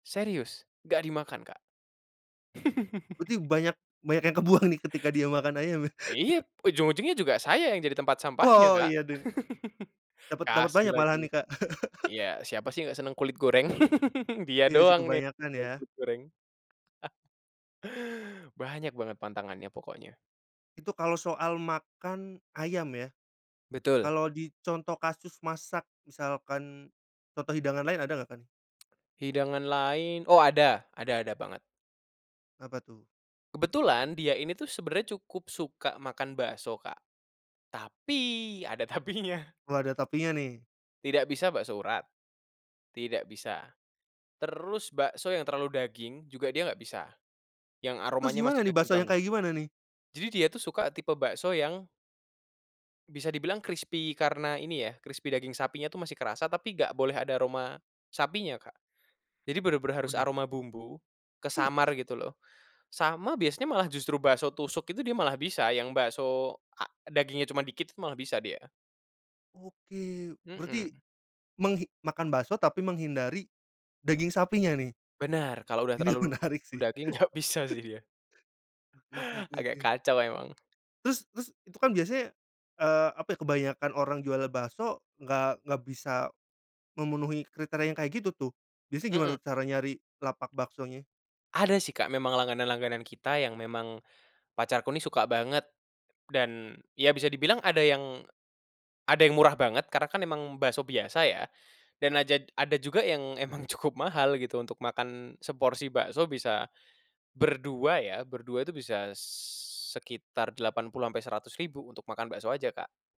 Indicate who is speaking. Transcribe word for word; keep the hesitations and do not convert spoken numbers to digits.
Speaker 1: Serius, nggak dimakan, Kak.
Speaker 2: Berarti banyak banyak yang kebuang nih ketika dia makan ayam ya?
Speaker 1: iya, ujung-ujungnya juga saya yang jadi tempat sampahnya,
Speaker 2: Oh
Speaker 1: Kak.
Speaker 2: iya dan Dapat dapat
Speaker 1: Kasih
Speaker 2: banyak malah
Speaker 1: lagi.
Speaker 2: nih, Kak?
Speaker 1: Iya, siapa sih nggak seneng kulit goreng? Dia
Speaker 2: Iya sih,
Speaker 1: doang nih gak
Speaker 2: kebanyakan
Speaker 1: suka
Speaker 2: ya.
Speaker 1: kulit goreng. Banyak banget pantangannya pokoknya.
Speaker 2: Itu kalau soal makan ayam ya?
Speaker 1: Betul.
Speaker 2: Kalau di contoh kasus masak, misalkan, contoh hidangan lain ada nggak, Kak, nih?
Speaker 1: Hidangan lain oh ada, ada ada banget.
Speaker 2: Apa tuh?
Speaker 1: Kebetulan dia ini tuh sebenernya cukup suka makan bakso, Kak. Tapi, ada tapinya.
Speaker 2: Wah, ada tapinya nih.
Speaker 1: Tidak bisa bakso urat, tidak bisa. Terus bakso yang terlalu daging, juga dia nggak bisa. Yang
Speaker 2: Terus
Speaker 1: aromanya masih
Speaker 2: gimana nih?
Speaker 1: daging
Speaker 2: Bakso yang
Speaker 1: banget.
Speaker 2: kayak gimana nih?
Speaker 1: Jadi dia tuh suka tipe bakso yang bisa dibilang krispi karena ini ya, krispi daging sapinya tuh masih kerasa tapi nggak boleh ada aroma sapinya, Kak. Jadi bener-bener harus
Speaker 2: Waduh.
Speaker 1: aroma bumbu, kesamar gitu loh. Sama biasanya malah justru bakso tusuk itu dia malah bisa yang bakso a dagingnya cuman dikit tuh malah bisa dia.
Speaker 2: Oke, berarti,
Speaker 1: Mhm.
Speaker 2: menghi makan bakso tapi menghindari daging sapinya nih?
Speaker 1: Benar, kalau udah
Speaker 2: Ini
Speaker 1: terlalu
Speaker 2: menarik sih.
Speaker 1: daging nggak bisa sih dia.
Speaker 2: Oke oke oke
Speaker 1: Agak
Speaker 2: oke.
Speaker 1: kacau emang.
Speaker 2: Terus terus, itu kan biasanya, eee, apa ya kebanyakan orang jual bakso nggak nggak bisa memenuhi kriteria yang kayak gitu, tuh. Biasanya gimana
Speaker 1: Mhm.
Speaker 2: tuh cara nyari lapak baksonya?
Speaker 1: Ada sih, Kak, memang langganan-langganan kita yang memang pacarku ini suka banget, dan, ya bisa dibilang ada yang ada yang murah banget karena kan emang bakso biasa ya, dan ajad ada juga yang emang cukup mahal gitu untuk makan seporsi bakso bisa, berdua ya, berdua itu bisa s sekitar delapan puluh sampai seratus ribu untuk makan bakso aja, Kak.